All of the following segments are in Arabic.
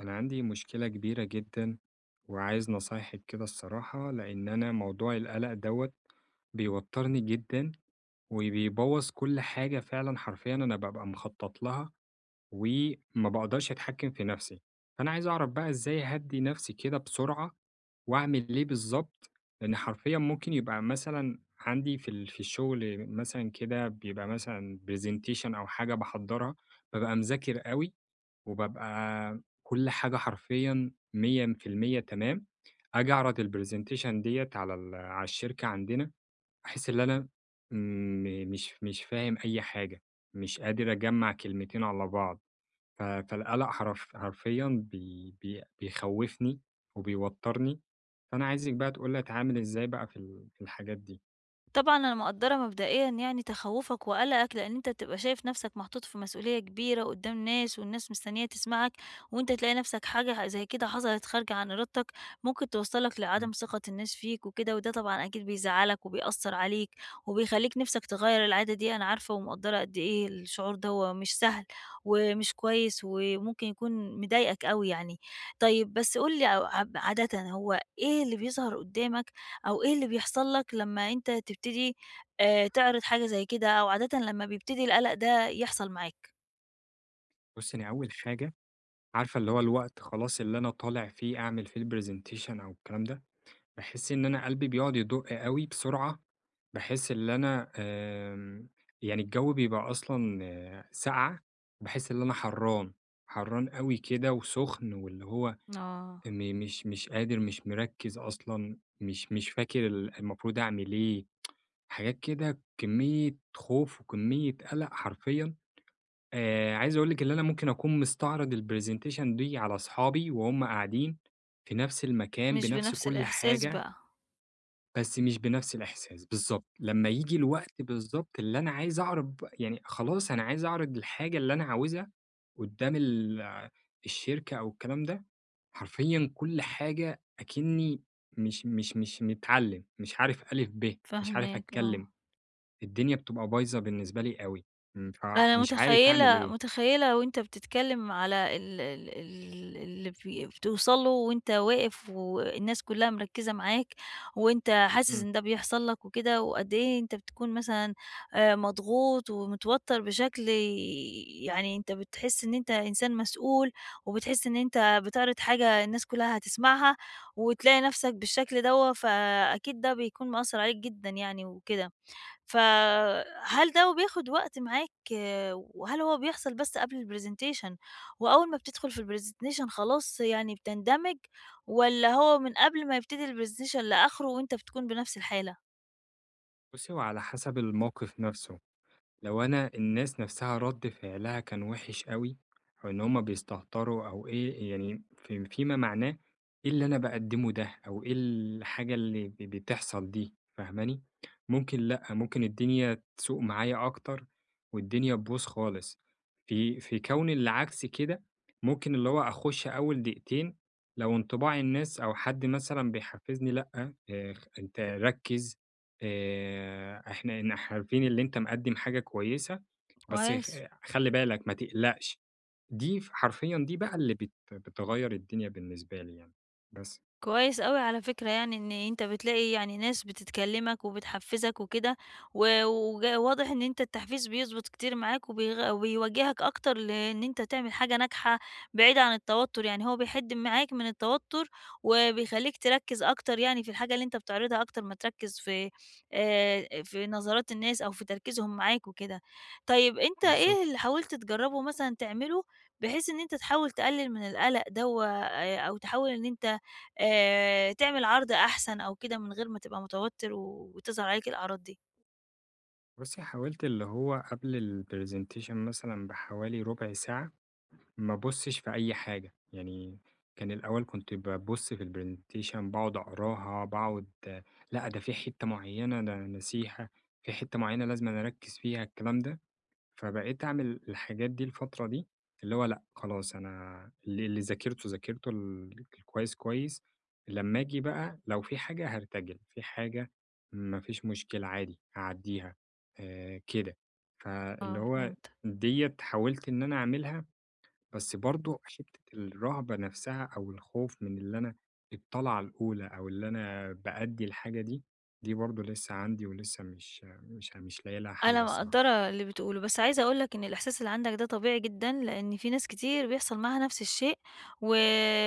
أنا عندي مشكلة كبيرة جدًا. وعايز نصايحِك كده الصراحة لأن أنا موضوع القلق دَوَّة بيوترني جدًا، وبيبوظ كل حاجة فعلًا حرفيًا أنا بابقى مخطط لها، وما باقدرش أتحكم في نفسي. فأنا عايز أعرف بقى إزاي أهدِّي نفسي كده بسرعة؟ وأعمل ليه بالضبط؟ لأن حرفيًا ممكن يبقى مثلًا عندي في ال في الشغل مثلًا كده بيبقى مثلًا Presentation أو حاجة باحضرها، بابقى مذاكر أوي، وبابقى كل حاجة حرفيًا 100% تمام؟ أجي أعرض ال Presentation دِيَّة على ال على الشركة عندنا، أحس اللي أنا م مش مش فاهم أي حاجة. مش قادر أجمع كلمتين على بعض. ف فالقلق حرف حرفيًا بي بي بيخوفني، وبيوترني، فأنا عايزك بقى تقول لي اتعامل إزاي بقى في ال في الحاجات دي؟ طبعًا أنا مقدرة مبدئيًا يعني تخوفك وقلقك، لأن أنتَ بتبقى شايف نفسك محطوط في مسئولية كبيرة قدام ناس والناس مستنية تسمعك، وأنتَ تلاقي نفسك حاجة زي كده حصلت خارجة عن إرادتك، ممكن توصلك امم. لعدم ثقة الناس فيك وكده، وده طبعًا أكيد بيزعلك، وبيأثر عليك، وبيخليك نفسك تغير العادة دي، أنا عارفة ومقدرة قد إيه الشعور دَوَّة مش سهل، ومش كويس، وممكن يكون مضايقك أوي يعني. طيب، بس قُل لي أو عاد عادةً هو إيه اللي بيظهر قدامك؟ أو إيه اللي بيحصل لك لما أنتَ تبتدي آآ تعرض حاجة زي كده؟ أو عادةً لما بيبتدي القلق ده يحصل معاك؟ بُصي أنا أول حاجة، عارفة اللي هو الوقت خلاص اللي أنا طالع فيه أعمل فيه الPresentation أو الكلام ده، باحس إن أنا قلبي بيقعد يدق أوي بسرعة، باحس اللي أنا آمم، يعني الجو بيبقى أصلًا ساقعة، باحس اللي أنا حرَّان. حرَّان أوي كده وسخن، واللي هو آه. إني مش مش قادر، مش مركز أصلًا، مش مش فاكر ال المفروض أعمل إيه حاجات كده، كمية خوف وكمية قلق حرفيًا، آآ عايز أقول لك اللي أنا ممكن أكون مستعرض الPresentation دي على أصحابي وهم قاعدين في نفس المكان، مش بنفس بنفس كل الإحساس حاجة بقى. بس مش بنفس الإحساس، بالضبط. لما ييجي الوقت بالضبط اللي أنا عايز أعرض ب يعني خلاص أنا عايز أعرض الحاجة اللي أنا عاوزها قدام ال الشركة أو الكلام ده، حرفيًا كل حاجة أكني مش مش مش متعلم، مش عارف أ، ب. مش عارف فاهماك آه. أتكلم. الدنيا بتبقى بايظة بالنسبة لي أوي. امم أنا فمش عارف أعمل متخيلة إيه؟ متخيلة وأنتَ بتتكلم على ال ال ال اللي فِ بتوصَل له وأنتَ واقف والناس كلها مركزة معاك، وأنتَ حاسس امم. إن ده بيحصل لك وكده، وقد ايه أنتَ بتكون مثلًا آآ مضغوط ومتوتر بشكل ي يعني أنتَ بتحس إن أنتَ إنسان مسئول، وبتحس إن أنتَ بتعرض حاجة الناس كلها هتسمعها، وتلاقي نفسك بالشكل دَوَّة، فأكيد ده بيكون مأثر عليك جدًا يعني وكده. فَهل دَوَّة بياخد وقت معاك؟ وهل هو بيحصل بس قبل الPresentation وأول ما بتدخل في الPresentation خلاص يعني بتندمج؟ والًّا هو من قبل ما يبتدي الPresentation لآخره وأنتَ بتكون بنفس الحالة؟ بُصّي هو على حسب الموقف نفسه، لو أنا الناس نفسها رد فعلها كان وحش أوي، أو إن همّ بيستهتروا أو إيه، يعني في في ما معناه، إيه اللي أنا باقدمه ده أو إيه الحاجة اللي ب بتحصل دي؟! فاهماني؟ ممكن لأ، ممكن الدنيا تسوء معايا أكتر والدنيا تبوظ خالص. في في كون العكس كده، ممكن اللي هو أخُش أوّل دقيقتين، لو انطباع الناس أو حد مثلًا بيحفزني لأ، آآ خ أنتَ ركّز، آآ، إحنا نح عارفين إن أنتَ مقدم حاجة كويّسة، بس خ كويس. خلّي بالك، ما تقلقش، دي ف حرفيًا دي بقى اللي بت بتغير الدنيا بالنسبة لي يعني. بس. كويس أوي على فكرة، يعني إن أنتَ بتلاقي يعني ناس بتتكلمَك وبتحفزك وكده، و وج واضح إن أنتَ التحفيز بيضبط كتير معاك وبيغ وبيوجهك أكتر لإن أنتَ تعمل حاجة ناجحة، بعيدة عن التوتّر، يعني هو بيحد معاك من التوتّر، وبيخلّيك تركز أكتر يعني في الحاجة اللي أنتَ بتعرضها أكتر ما تركز في، آآ، في نظرات الناس أو في تركيزهم معاك وكده. طيّب أنتَ بالضبط. إيه اللي حاولت تجربه مثلًا تعمله، بحيث إن أنتَ تحاول تقلل من القلق دَوَّة آآ أو تحاول إن أنتَ آآ تعمل عرض أحسن أو كده من غير ما تبقى متوتّر و وتظهر عليك الأعراض دي؟ بصي حاولت اللي هو قبل الPresentation مثلًا بحوالي ربع ساعة، ما ابصش في أي حاجة. يعني كان الأول كنت بابص في الPresentation باقعد أقراها، باقعد لأ، ده في حتة معينة ده أنا ناسيها، في حتة معينة لازمًا أركز فيها الكلام ده. فبقيت أعمل الحاجات دي الفترة دي، اللي هو لأ، خلاص أنا اللي اللي ذاكرته، ذاكرته، ال الكويس كويس، لما أجي بقى لو في حاجة هارتجل. في حاجة ما فيش مشكلة عادي هاعديها، آآ كده. فاللي آه هو فهمتك. دِيَّة حاولت إن أنا أعملها بس برضو حتة الرهبة نفسها أو الخوف من اللي أنا الطلعة الأولى، أو اللي أنا بأدي الحاجة دي، دي برضو لسه عندي ولسه مش مش مش لاقي لها حل أنا الصراحة. مقدرة اللي بتقوله، بس عايزة أقول لك إن الإحساس اللي عندك ده طبيعي جدًا، لأن في ناس كتير بيحصل معاها نفس الشيء، و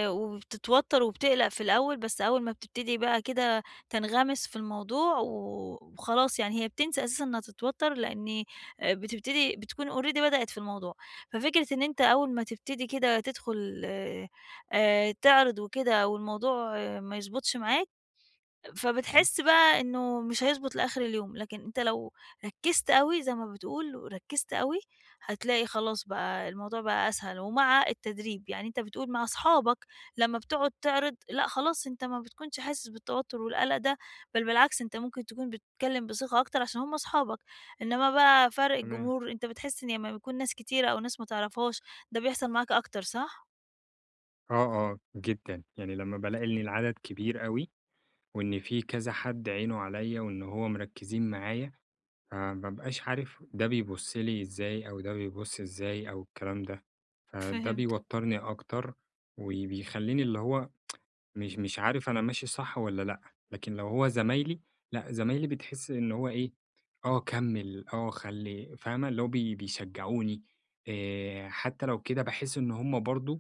وبتتوتر وبتقلق في الأول، بس أول ما بتبتدي بقى كده تنغمس في الموضوع وخلاص، يعني هي بتنسى أساسًا إنها تتوتر، لأن آآ بتبتدي بتكون Already بدأت في الموضوع. ففكرة إن أنتَ أول ما تبتدي كده تدخل آآ تعرض وكده والموضوع ما يضبطش معاك، امم. فبتحس بقى إنه مش هيضبط لآخر اليوم. لكن أنتَ لو ركزت أوي زي ما بتقول وركزت أوي، هتلاقي خلاص بقى الموضوع بقى أسهل ومع التدريب، يعني أنتَ بتقول مع أصحابك لما بتقعد تعرض لأ، خلاص أنتَ ما بتكونش حاسس بالتوتر والقلق ده، بل بالعكس أنتَ ممكن تكون بتتكلم بثقة أكتر عشان هم أصحابك. إنما بقى فرق تمام. الجمهور أنتَ بتحس إن لما بيكون ناس كتيرة أو ناس ما تعرفهاش ده بيحصل معاك أكتر صح؟ آه، آه جدًا، يعني لمّا بالاقي إنّ العَدد كبير أوي، وإنّ في كذا حَد عينُه عليَّ وإن هو مركّزين معايا، فما بابقاش عارف ده بيبص لي إزاي، أو ده بيبص إزاي أو الكلام ده. فَده فهمتَك. بيوتّرني أكتر وبيخليني اللي هو مش مش عارف أنا ماشي صَح والّا لأ، لكن لو هو زَمايلي لأ، زمايلي بتحس إن هو إيه، آه كمّل، آه خلي فاهمة؟ اللي هو بي بيشجعوني، آآ حتى لو كده باحس إنّ هُم برضو،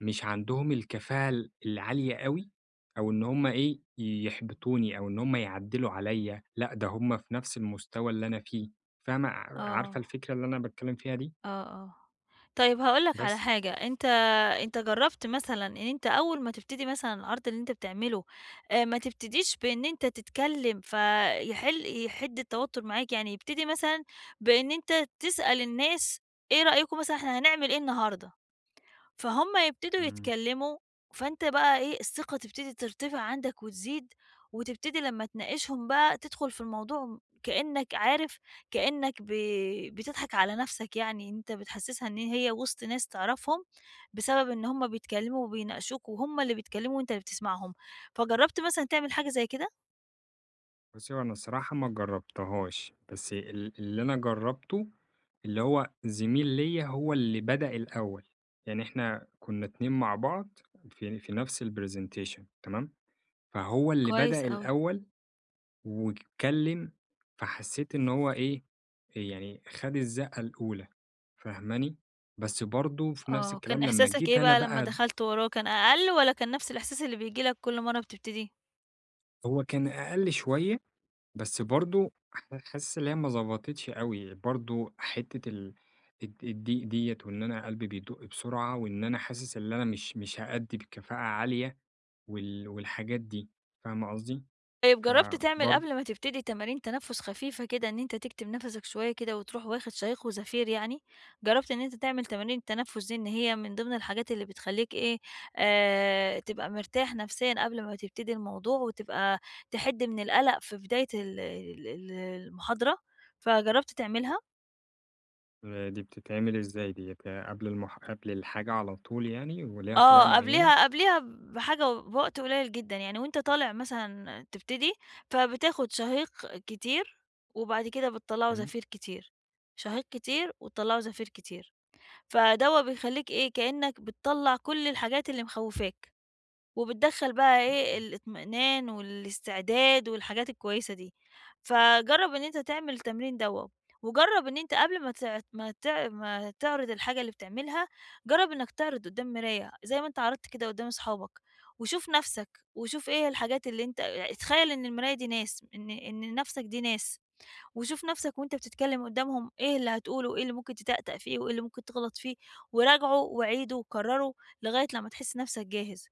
مش عَندهم الكفاءة ال العالية أوي، أو إنّ هُم إيه، يحبطوني أو إنّ هُمَّ يعَدّلوا عليَّ، لأ، ده هُم في نَفْس المُستوى اللي أنا فيه، فاهمة؟ ع عارفة آه. الفكرة اللي أنا باتكلّم فيها دي؟ آه آه. طيّب، هاقول لك بَس. على حاجَة أنتَ أنتَ جرّبت مثلًا إنّ أنتَ أوّل ما تبتدي مثلًا العرض اللي أنتَ بتعمله، آآ، ما تبتديش بإنّ أنتَ تتكلِم فيحل يحِدّ التوتّر معاك، يعني يبتدي مثلًا بإنّ أنتَ تسأل الناس إيه رأيكم مثلًا، إحنا هنعمل إيه النهاردة، فهُم يبتدوا إمم. يتكلّموا، فأنتَ بقى إيه، الثقة تبتدي ترتفع عَندك وتزيد، وتبتدي لمّا تناقشهم بقى، تدخُل في الموضوع م كإنّك عارف كإنّك ب بتضحك عَلى نفسَك يعني، إن أنتَ بتحسّسها إنّ هي وسط ناس تعرَفهم، بسبب إنّ هُم بيتكلّموا وبيناقشوك، وهُم اللي بيتكلموا وأنتَ اللي بتسمعهم. فجرّبت مثلًا تعمل حاجة زَي كده؟ بُصّي، هو أنا الصراحة ما جربتهاش، بس ال اللي أنا جرّبته، اللي هو زميل ليَّ هو اللي بدأ الأوّل، يعني إحنا كنّا اتنين مع بعض، في في نفس الpresentation تمام؟ فهو اللي كويس بدأ أوي. الأوّل واتكلم، فحسيت إن هو إيه، يعني خَد الزقة الأولى، فاهماني؟ بس برضو في نفس آه، كان الكلام لمّا إحساسك جيت إيه أنا بقى لما بقى ب دخلت وراه، كان أقل والّا كان نفس الإحساس اللي بييجي لك كل مرة بتبتدي؟ هو كان أقل شويّة، بس برضو ح حاسس اللي هي ما ضبطتش أوي، برضو حتّة ال الض الضيق دِيَّة وإن أنا قلبي بيدق بسرعة وإن أنا حاسس اللي أنا مش مش هأدي بكفاءة عالية، وال والحاجات دي، فاهمة قصدي؟ طيب جرّبت تعمل فبرض قبل ما تبتدي تمارين تنفّس خفيفة كده، إن أنتَ تكتم نَفسَك شويّة كده وتروح واخد شهيق وزفير يعني؟ جرّبت إن أنتَ تعمل تمارين التنفّس دي، إن هي من ضمن الحاجات اللي بتخليك إيه، آآ، تبقى مرتاح نفسيًا قبل ما تبتدي الموضوع وتبقى تحد من القلق في بداية ال ال ال المحاضرة، فجربت تعملها؟ دي بتتعمل إزاي دِيّة؟ قبل المح قبل الحاجة على طول يعني وليها طريقة آه، معينة؟ قبليها قبليها بحاجة بوقت قليل جدًا، يعني وأنتَ طالع مثلًا تبتدي فبتاخد شهيق كتير، وبعد كده بتطلعه إمم. زفير كتير، شهيق كتير، وتطلعه زفير كتير، فدَوّة بيخلّيك إيه، كأنّك بتطلع كل الحاجات اللي مخوّفاك، وبتدخل بقى إيه، إمم. الاطمئنان والاستعداد والحاجات الكويّسة دي. فجرّب إن أنتَ تعمل التمرين دَوّة، وجرّب إن أنتَ قبل ما تع ما تع ما تعرض الحاجة اللي بتعملها، جرّب إنّك تعرض قدّام مراية، زي ما أنتَ عرضت كده قدّام صحابك، وشوف نفسَك، وشوف إيه هي الحاجات اللي أنتَ اع اتخيّل إن المراية دي ناس، إن إن لنفسك دي ناس، وشوف نفسك وأنتَ بتتكلّم قدّامهم إيه اللي هتقوله، وإيه اللي ممكن تتأتأ فيه، وإيه اللي ممكن تغلط فيه، وراجعه وعيده وكرّره، لغاية لمّا تحس نفسَك جاهز.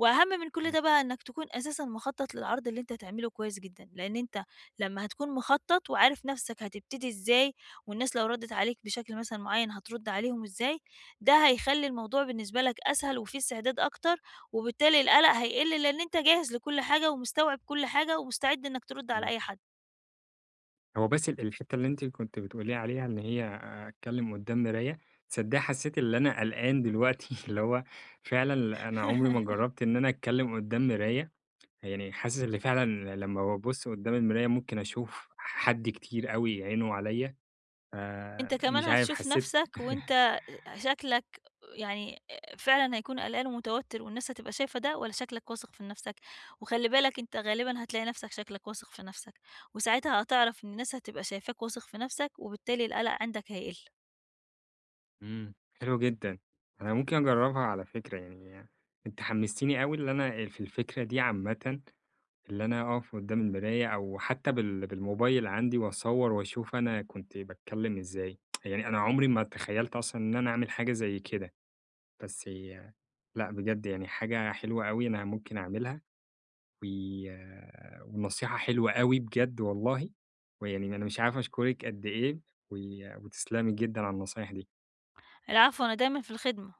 وأهم من كل إمم. ده بقى إنّك تكون أساسًا مخطّط للعرض اللي أنتَ هتعمله كويّس جدًا؛ لأن أنتَ لمّا هتكون مخطّط، وعارف نفسك هتبتدي إزاي والناس لو ردّت عليك بشكل مثلًا معيّن هترد عليهم إزاي، ده هيخلي الموضوع بالنسبة لَك أسهل وفيه استعداد أكتر، وبالتالي القلق هيقل، لأن أنتَ جاهز لكل حاجة ومستوعب كل حاجة ومستعد إنّك ترد على إمم. أي حد. هو بس ال الحتّة اللي أنتِ كنتِ بتقولي عليها اللي هي، أتكلم قدّام مراية، تصدقي حسّيت اللي أنا قلقان دلوقتي اللي هو فعلًا أنا عمري ما جرّبت إن أنا أتكلم قدّام مراية. يعني حاسس إن فعلًا لمّا بابص قدّام المراية ممكن أشوف حد كتير أوي عينه عليَّ، أنتَ آآ كمان مش عارف هتشوف حسّيت نفسَك وأنتَ أ شكلك يعني، آآ، فعلًا هيكون قلقان ومتوتّر والناس هتبقى شايفة ده، والّا شكلك واثق في نفسَك؟ وخلّي بالك أنتَ غالبًا هتلاقي نفسك شكلك واثق في نفسَك، وساعتها هتعرف إن الناس هتبقى شايفاك واثق في نفسَك وبالتالي القلق عندك هيقل. امم، حلو جدًا. أنا ممكن أجربها على فكرة يعني. أنتِ حمستيني أوي اللي أنا آآ في الفكرة دي عامةً، اللي أنا أقف قدّام المراية أو حتى بال بالموبايل عندي وأصور وأشوف أنا كنت باتكلّم إزاي، يعني أنا عمري ما تخيلت أصلًا إن أنا أعمل حاجة زي كده. بس هي لأ، بجد يعني حاجة حلوة أوي أنا ممكن أعملها. و ونصيحة حلوة أوي بجد والله. ويعني أنا مش عارف أشكرِك قد إيه، و وتسلمي جدًا على النصايح دي. العفو. أنا دايمًا في الخدمة.